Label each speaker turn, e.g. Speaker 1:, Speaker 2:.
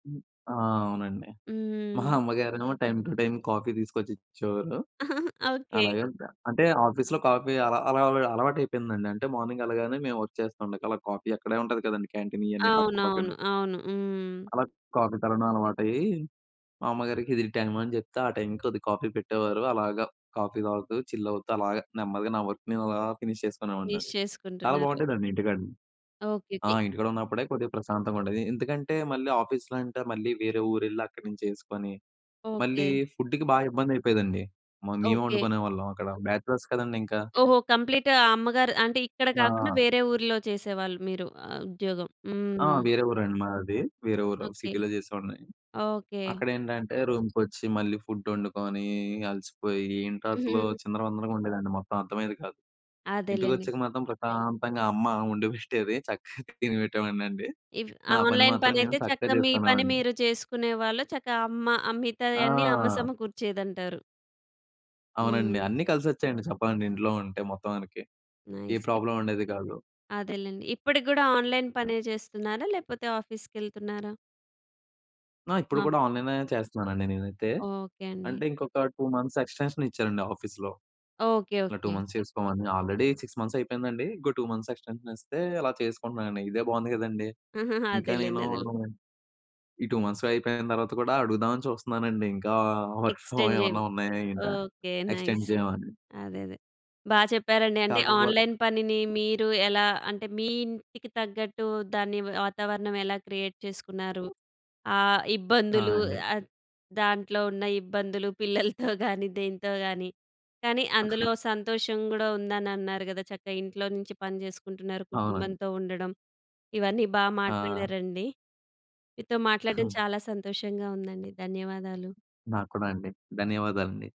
Speaker 1: ఆహ్, అవునండి. మా
Speaker 2: హ్మ్.
Speaker 1: అమ్మగారేమో టైమ్ టు టైమ్ కాఫీ తీసుకొచ్చి ఇచ్చేవాళ్ళు.
Speaker 2: ఓకే.
Speaker 1: అలాగే అంటే ఆఫీస్‌లో కాఫీ అలా, అలా అలవాటు అయిపోయిందండి. అంటే మార్నింగ్ వెళ్ళగానే మేము వర్క్ చేస్తాం అలా కాఫీ అక్కడే ఉంటుంది కదండీ క్యాంటీన్ ఇవన్నీ
Speaker 2: అవునవును.
Speaker 1: పక్కపక్కనే.
Speaker 2: అవును హ్మ్.
Speaker 1: అలా కాఫీ తాగడం అలవాటయ్యి, మా అమ్మగారికి ఇది టైమ్ అని చెప్తే ఆ! టైమ్‌కి కొద్ది కాఫీ పెట్టేవారు. అలాగా కాఫీ తాగుతూ చిల్ అవుతూ అలాగా నెమ్మదిగా నా వర్క్ నేను అలా ఫినిష్ చేసుకునేవాడిని
Speaker 2: మిస్
Speaker 1: చాలా
Speaker 2: చేసుకుంటున్నారు.
Speaker 1: బాగుంటుందండి ఇంటికాడ
Speaker 2: ఓకే.
Speaker 1: ఆ!
Speaker 2: ఓకే.
Speaker 1: ఇంటికాడ ఉన్నప్పుడే కొద్దిగా ప్రశాంతంగా ఉండేది. ఎందుకంటే, మళ్ళీ ఆఫీస్‌లో అంటే మళ్ళీ వేరే ఊరు వెళ్లి అక్కడినుంచి చేసుకొని, మళ్ళీ
Speaker 2: ఓకే.
Speaker 1: ఫుడ్‌కి బాగా ఇబ్బంది అయిపోయేదండి మ మేమే
Speaker 2: ఓకే.
Speaker 1: వండుకునేవాళ్ళం అక్కడ బ్యాచలర్స్ కదండీ ఇంకా.
Speaker 2: ఓహో! కంప్లీట్‌గా అమ్మగారు అంటే ఇక్కడ కాకుండా
Speaker 1: ఆ!
Speaker 2: వేరే ఊర్లో చేసేవాళ్ళు మీరు ఉద్యోగం
Speaker 1: ఆ!
Speaker 2: హ్మ్.
Speaker 1: వేరే ఊరండి మాది. వేరే ఊరు
Speaker 2: ఓకే.
Speaker 1: సిటీ‌‌లో చేసేవాడిని.
Speaker 2: ఓకే.
Speaker 1: అక్కడ ఏంటంటే, రూమ్‌‌కొచ్చి మళ్ళీ ఫుడ్ వండుకొని అలసిపోయి ఏంటో అసలు
Speaker 2: హుహు.
Speaker 1: చిందరవందరగా ఉండేదండి. మొత్తం అర్థమయ్యేది కాదు.
Speaker 2: అదేలేండి.
Speaker 1: ఇంటికొచ్చాక మాత్రం ప్రశాంతంగా అమ్మ వండిపెట్టేది చక్కగా తినిపెట్టేవాడినండి.
Speaker 2: ఇప్
Speaker 1: నా పని
Speaker 2: ఆన్లైన్
Speaker 1: మాత్రం నేను
Speaker 2: పనైతే
Speaker 1: చక్కగా
Speaker 2: చక్కగా మీ పని
Speaker 1: చేసుకునేవాడిని.
Speaker 2: మీరు చేసుకునే వాళ్ళు చక్కగా అమ్మ మిగతావన్నీ అమ్మ
Speaker 1: ఆ!
Speaker 2: సమకూర్చేదంటారు.
Speaker 1: అవునండి.
Speaker 2: హ్మ్.
Speaker 1: అన్నీ కలిసొచ్చాయండి చెప్పాలండి ఇంట్లో ఉంటే మొత్తానికి. A
Speaker 2: nice. ఇప్
Speaker 1: ప్రాబ్లమ్ ఉండేది కాదు.
Speaker 2: అదేలెండి. ఇప్పటికి కూడా ఆన్లైన్ పనే చేస్తున్నారా? లేపోతే ఆఫీస్‌కి వెళ్తున్నారా?
Speaker 1: ఆ! ఇప్పుడు
Speaker 2: మ
Speaker 1: కూడా ఆన్లైన్ చేస్తున్నానండి నేనైతే,
Speaker 2: ఓకే. అండి.
Speaker 1: అంటే ఇంకొక 2 మంత్స్ ఎక్స్‌టెన్షన్ ఇచ్చారండి. ఆఫీస్‌లో.
Speaker 2: ఓకే.
Speaker 1: ఇట్లా 2
Speaker 2: ఓకే.
Speaker 1: మంత్స్ చేసుకోమని ఆల్రెడీ 6 మంత్స్ అయిపోయిందండి. ఇంకో 2 మంత్స్ ఎక్స్‌టెన్షన్ ఇస్తే అలా చేసుకుంటున్నానండి ఇదే బాగుంది కదండీ. ఇంకా
Speaker 2: అదేలేండి
Speaker 1: నేను
Speaker 2: అదేలేండి.
Speaker 1: ఈ 2 మంత్స్ అయిపోయిన తర్వాత కూడా అడుగుదామని చూస్తున్నానండి ఇంకా వర్క్ ఫ్రమ్
Speaker 2: ఎక్స్టెండ్ చేయండి
Speaker 1: ఏమన్నా ఉన్నాయా ఏంటా,
Speaker 2: ఓకే.
Speaker 1: Extend
Speaker 2: nice.
Speaker 1: చేయమని.
Speaker 2: అదే అదే బా చెప్పారండి. అంటే
Speaker 1: కాకపోతే
Speaker 2: ఆన్లైన్ పనిని మీరు ఎలా అంటే మీ ఇంటికి తగ్గట్టు దాన్ని వాతావరణం ఎలా క్రియేట్ చేసుకున్నారు. ఆ
Speaker 1: ఆ!
Speaker 2: ఇబ్బందులు
Speaker 1: అండి.
Speaker 2: ఆ! దాంట్లో ఉన్న ఇబ్బందులు పిల్లలతో కానీ దేంతో గాని, కానీ
Speaker 1: ఆహా!
Speaker 2: అందులో సంతోషం కూడా ఉందని అన్నారు కదా! చక్కగా ఇంట్లో నుంచి పని చేసుకుంటున్నారు
Speaker 1: అవునండి.
Speaker 2: కుటుంబంతో ఉండడం ఇవన్నీ బాగా
Speaker 1: ఆ!
Speaker 2: మాట్లాడారండి మీతో మాట్లాడడం
Speaker 1: హ్మ్.
Speaker 2: చాలా సంతోషంగా ఉందండి. ధన్యవాదాలు.
Speaker 1: నాకు కూడా అండి. ధన్యవాదాలండి.